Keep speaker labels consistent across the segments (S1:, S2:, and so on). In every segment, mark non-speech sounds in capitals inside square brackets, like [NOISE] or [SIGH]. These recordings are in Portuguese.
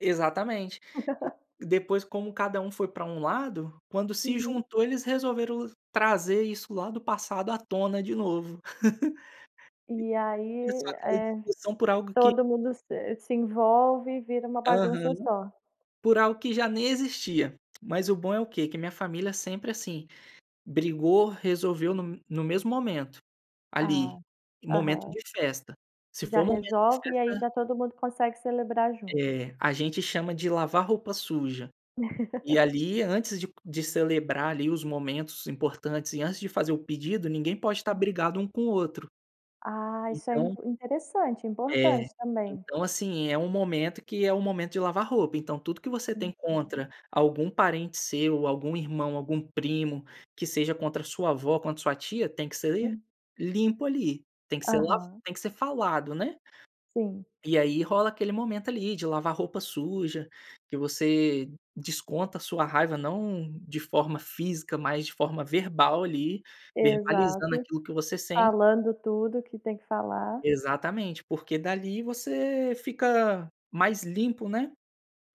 S1: Exatamente. E
S2: [LAUGHS]
S1: depois como cada um foi para um lado, quando se
S2: Uhum.
S1: juntou, eles resolveram trazer isso lá do passado à tona de novo.
S2: E
S1: [LAUGHS] E [UNINTELLIGIBLE] começou
S2: aí,
S1: aquela
S2: eh,
S1: discussão por algo que
S2: todo mundo se se envolve e vira uma
S1: Aham.
S2: bagunça só.
S1: Por algo que já nem existia. Mas o bom é o quê? Que a minha família sempre, assim, brigou, resolveu no no mesmo momento, ali,
S2: Ah,
S1: em momento
S2: aham.
S1: de festa. Se
S2: Já
S1: for momento de
S2: resolve e aí
S1: festa
S2: já todo mundo consegue celebrar junto.
S1: É, a gente chama de "lavar roupa suja". E
S2: [LAUGHS]
S1: ali, antes de de celebrar ali os momentos importantes, e antes de fazer o pedido, ninguém pode estar
S2: Hã.
S1: brigado um com o outro.
S2: Ah, isso é
S1: Então
S2: impor interessante,
S1: É,
S2: importante também.
S1: então, assim, é um momento que é o momento de "lavar roupa", então tudo que você tem
S2: Uhum.
S1: contra algum parente seu, ou algum irmão, algum primo, que seja contra a sua avó ou contra sua tia, tem que ser
S2: Hum.
S1: limpo ali, tem que ser, tem que ser lava
S2: Aham.
S1: tem que ser falado, né.
S2: Sim.
S1: E aí rola aquele momento ali, de "lavar roupa suja", que você desconta a sua raiva, não de forma física, mas de forma verbal ali, verbalizando
S2: Exato,
S1: aquilo que você sen
S2: falando tudo que tem que falar.
S1: Exatamente, porque dali você fica mais limpo, né,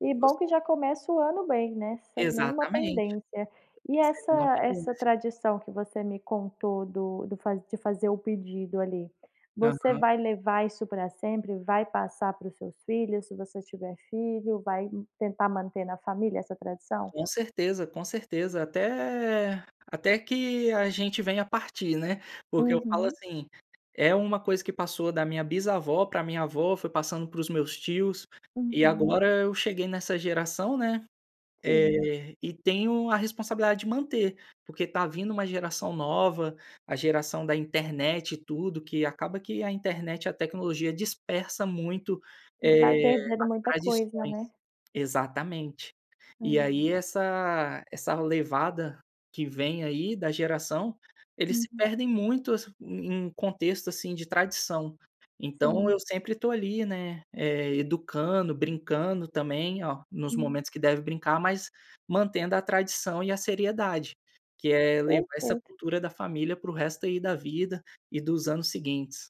S2: E
S1: você
S2: bom que já começa o ano bem, né, sem nenhuma
S1: Exatamente.
S2: pendência. E
S1: Você
S2: essa
S1: não há
S2: essa
S1: pendência.
S2: tradição que você me contou do do fa de fazer o pedido ali, você
S1: Aham.
S2: vai levar isso para sempre? Vai passar para os seus filhos, se você tiver filho? Vai, ih, tentar manter na família essa tradição?
S1: Com certeza, com certeza, até até que a gente venha a partir, né. Porque, eu falo
S2: Uhum.
S1: assim, é uma coisa que passou da minha bisavó para minha avó, foi passando para os meus tios, e
S2: Uhum.
S1: agora eu cheguei nessa geração, né,
S2: Sim.
S1: eh, e tenho a responsabilidade de manter, porque tá vindo uma geração nova, a geração da internet e tudo, que acaba que a internet e a tecnologia dispersa muito,
S2: Vai
S1: eh,
S2: perdendo
S1: as
S2: muita coisa,
S1: tradições.
S2: né?
S1: Exatamente. E aí
S2: Aham.
S1: essa essa levada que vem aí, da geração, eles se
S2: Uhum.
S1: perdem muito assi em contexto assim de tradição. Então
S2: Sim.
S1: eu sempre tô ali, né, eh, educando, brincando também, ó, nos
S2: Hum.
S1: momentos que deve brincar, mas mantendo a tradição e a seriedade, que é levar essa
S2: Perfeito.
S1: cultura da família para o resto aí da vida e dos anos seguintes.